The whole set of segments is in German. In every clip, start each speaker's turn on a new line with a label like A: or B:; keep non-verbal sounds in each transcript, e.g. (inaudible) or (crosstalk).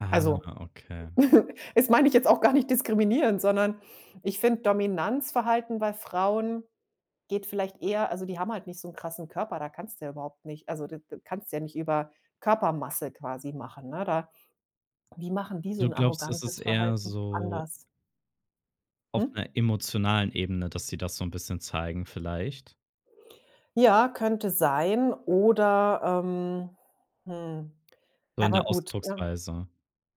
A: Ah,
B: Also,
A: ja, okay.
B: (giggles) das mein ich jetzt auch gar nicht diskriminierend, sondern ich finde Dominanzverhalten bei Frauen geht vielleicht eher also die haben halt nicht so 'n krassen Körper, da kannst ja überhaupt nicht also d d kannst ja nicht über Körpermasse quasi machen, ne? Da wie machen die so
A: Du
B: 'n
A: glaubst, es ist
B: arrogantes
A: eher
B: Verhalten
A: so
B: anders?
A: auf
B: Hm?
A: 'ner emotionalen Ebene, dass sie das so 'n bisschen zeigen vielleicht?
B: Ja, könnte sein oder, ähm, hm
A: So in
B: aber
A: der
B: gut. Ja,
A: Ausdrucksweise.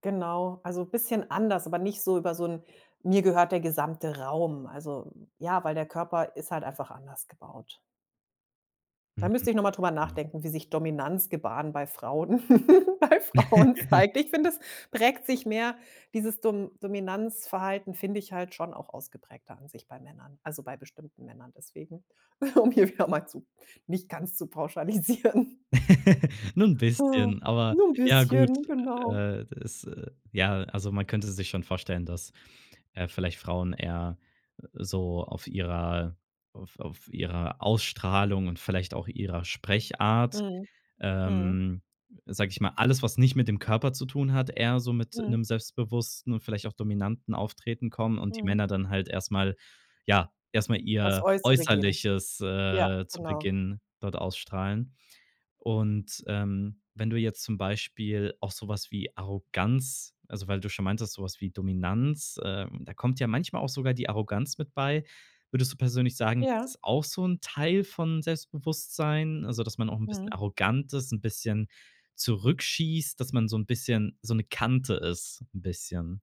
B: genau. Also bisschen anders, aber nicht so über so 'n: „Mir gehört der gesamte Raum”. Also ja, weil der Körper ist halt einfach anders gebaut. Da
A: Mhm,
B: müsste ich noch mal drüber
A: okay.
B: nachdenken, wie sich Dominanzgebaren bei Frauen (giggles) bei Frauen
A: (laughs)
B: zeigt. Ich finde, es prägt sich mehr dieses Dom Dominanzverhalten finde ich halt schon auch ausgeprägter an sich bei Männern. Also, bei bestimmten Männern, deswegen, um hier wieder mal zu nicht ganz zu pauschalisieren.
A: (laughs) Nur 'n
B: Oh,
A: bisschen, aber,
B: nur n'
A: ja gut.
B: bisschen, genau.
A: Äh, das, äh ja, also man könnte sich schon vorstellen, dass, äh, vielleicht Frauen eher so auf ihrer auf auf ihrer Ausstrahlung und vielleicht auch ihrer Sprechart,
B: Mhm, mhm.
A: ähm, sage ich mal alles, was nicht mit dem Körper zu tun hat, eher so mit
B: Mhm.
A: 'nem selbstbewussten und vielleicht auch dominanten Auftreten kommen und die
B: Mhm.
A: Männer dann halt erst mal ja, erst mal
B: Auf's
A: ihr
B: Äußere gehen.
A: Äußerliches,
B: Ja,
A: äh, zu
B: genau.
A: Beginn dort ausstrahlen. Und, ähm, wenn du jetzt zum Beispiel auch so was wie Arroganz also weil du schon meintest, so was wie Dominanz, äh, da kommt ja manchmal auch sogar die Arroganz mit bei. Würdest du persönlich sagen, das
B: Ja.
A: ist auch so 'n Teil von Selbstbewusstsein, also dass man auch 'n bisschen
B: Mhm.
A: arrogant ist, 'n bisschen zurückschießt, dass man so 'n bisschen so 'ne Kante ist 'n bisschen.